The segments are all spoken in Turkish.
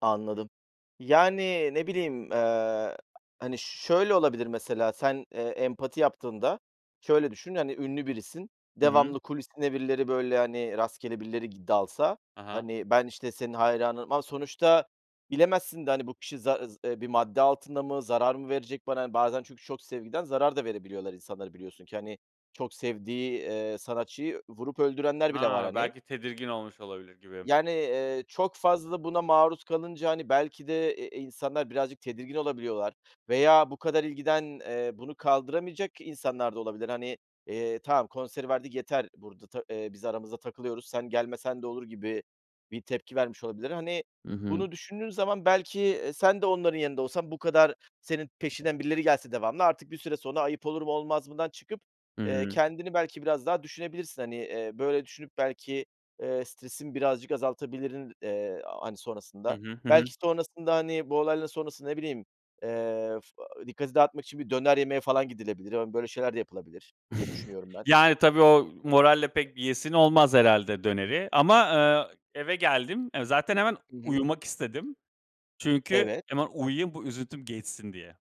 Anladım. Yani, ne bileyim, eee, hani, şöyle olabilir mesela, sen, eee, empati yaptığında şöyle düşün, hani, ünlü birisin, Hı hı. devamlı kulisine birileri, böyle, hani, rastgele birileri gi dalsa, Ha ha. hani, ben, işte, senin hayranınım ama sonuçta bilemezsin de, hani, bu kişi zaz eee, bir madde altında mı, zarar mı verecek bana? Bazen çünkü çok sevgiden zarar da verebiliyorlar insanlara, biliyorsun ki, hani, çok sevdiği, eee, sanatçıyı vurup öldürenler bile var, A! hani. Belki tedirgin olmuş olabilir gibi. Yani, eee, çok fazla buna maruz kalınca, hani, belki de, eee, insanlar birazcık tedirgin olabiliyorlar veya bu kadar ilgiden, eee, bunu kaldıramayacak insanlar da olabilir. Hani, eee, tamam, konseri verdik, yeter, burada ta biz aramızda takılıyoruz, sen gelmesen de olur, gibi bir tepki vermiş olabilir. Hani, Hı hı. bunu düşündüğün zaman belki, eee, sen de onların yerinde olsan bu kadar senin peşinden birileri gelse devamlı artık bir süre sonra ayıp olur mu, olmaz mıdan çıkıp, eee, Hı. kendini belki biraz daha düşünebilirsin. Hani, eee, böyle, düşünüp belki, eee, stresin birazcık azaltabilirdin, hani, Hı sonrasında. hı. Hı hı. Belki sonrasında, hani, bu olayların sonrası, ne bileyim, eee, fı dikkati dağıtmak için bir döner yemeye falan gidilebilir. Hani, böyle şeyler de yapılabilir diye düşünüyorum ben. Yani, tabii, o moralle pek bir yiyesin olmaz herhâlde döneri ama, aaa, eve geldim. Eee, zaten hemen Hı hı. uyumak istedim. Çünkü Evet. hemen uyuyayım, bu üzüntüm geçsin diye.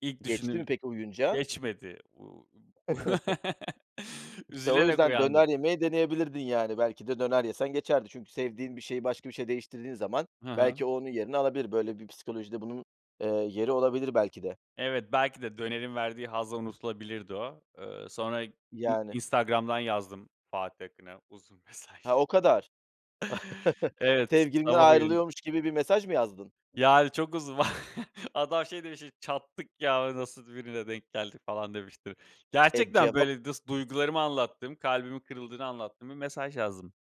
İlk Geçti mi düşündüğüm. peki, uyuyunca? Geçmedi, uuu, İşte, o üzülerek yüzden döner uyandım. yemeyi deneyebilirdin, yani, belki de döner yesen geçerdi. Çünkü sevdiğin bir şeyi başka bir şeye değiştirdiğin zaman Hı hı. belki o onun yerini alabilir. Böyle bir psikolojide bunun, eee, yeri olabilir, belki de. Evet, belki de dönerin verdiği hazla unutulabilirdi o. Eee, sonra I Yani. Instagram'dan yazdım Fatih Akın'a uzun Ha, mesaj. o kadar. Evet, s Sevgilinden sabah uyanı ayrılıyormuş gibi bir mesaj mı yazdın? Yani, çok uzun. Adam, şey, demiştir, "Çattık ya, nasıl birine denk geldik?" falan, demiştir. Eee, Gerçekten, cevap böyle, dıs duygularımı anlattığım, kalbimin kırıldığını anlattığım bir mesaj yazdım.